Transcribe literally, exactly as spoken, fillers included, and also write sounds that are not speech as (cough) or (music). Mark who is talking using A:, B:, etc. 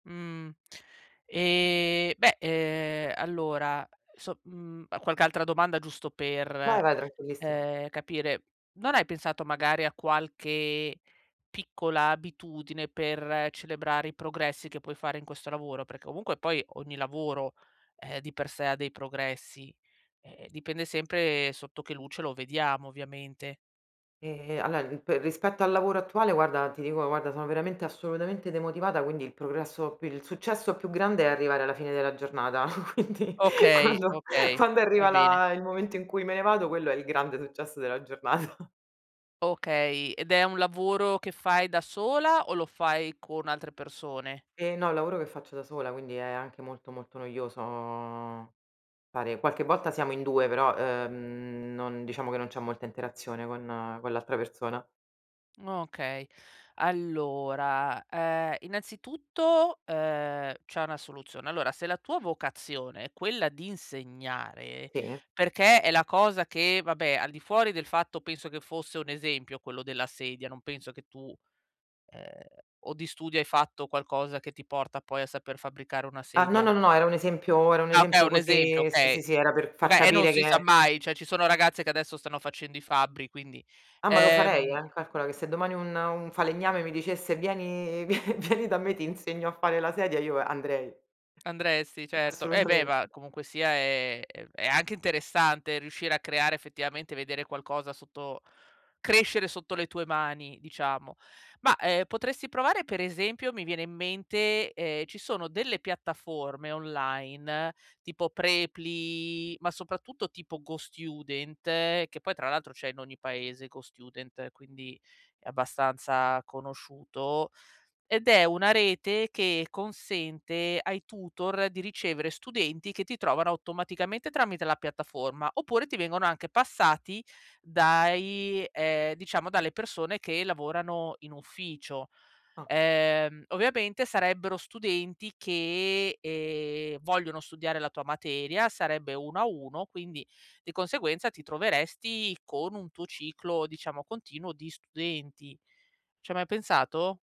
A: Mhmm, e beh, ehm, allora, so mhmm, qualche altra domanda giusto
B: Vai,
A: per,
B: vai, tranquillissima.
A: ehm, capire; non hai pensato, magari, a qualche piccola abitudine per celebrare i progressi che puoi fare in questo lavoro? Perché comunque poi ogni lavoro, eh, di per sé ha dei progressi, e e dipende sempre sotto che luce lo vediamo ovviamente.
B: E allo ip rispetto al lavoro attuale, guarda ti dico, guarda, sono veramente assolutamente demotivata, quindi il progresso p il successo più grande è arrivare alla fine della giornata. (chuckles) Quindi
A: Okay,
B: quando
A: okay,
B: quando
A: va
B: arriva
A: bene.
B: la il momento in cui me ne vado, quello è il grande successo della giornata.
A: Okay, ed è un lavoro che fai da sola o lo fai con altre persone?
B: E no, è un lavoro che faccio da sola, quindi è anche molto, molto noioso fare qualche volta siamo in due, però, ehm, non diciamo che non c'è molta interazione con con l'altra persona.
A: Okay, allora, ehm, innanzitutto, ehm, c'è una soluzione. Allora se la tua vocazione è quella di insegnare,
B: Sì.
A: perché è la cosa che vabbè al di fuori del fatto penso che fosse un esempio quello della sedia, non penso che tu ehm, o di studio hai fatto qualcosa, che ti porta poi a saper fabbricare una
B: Ah no,
A: sedia?
B: no, no era un esempio era un
A: Ah okay,
B: esempio
A: un esempio,
B: così sì,
A: okay.
B: sì, sì, era per far
A: Oka e non
B: capire
A: si sa
B: che
A: mai. ceh ci sono ragazze che adesso stanno facendo i fabbri, quindi,
B: Ah ma lo farei
A: ehm
B: eh, calcola che se domani un un falegname mi dicesse: "Vieni, vie vieni da me ti insegno a fare la sedia", io va io andrei.
A: Andresti certo. Eh beh, ma
B: Assolutamente.
A: comunque sia è è anche interessante riuscire a creare effettivamente vedere qualcosa sotto crescere sotto le tue mani, diciamo. Ma, eh, potresti provare per esempio, mi viene in mente, ehm, ci sono delle piattaforme online, tipo Preply, ma soprattutto tipo GoStudent, che poi tra l'altro c'è in ogni paese GoStudent, quindi è abbastanza conosciuto; ed è una rete che consente ai tutor di ricevere studenti, che ti trovano automaticamente tramite la piattaforma, oppure ti vengono anche passati dai ehm, diciamo dalle persone che lavorano in ufficio.
B: Ah.
A: Ehm, ovviamente sarebbero studenti che, ehm, vogliono studiare la tua materia, sarebbe uno a uno, quindi di conseguenza ti troveresti con un tuo ciclo diciamo continuo di studenti. Ci hai mai pensato?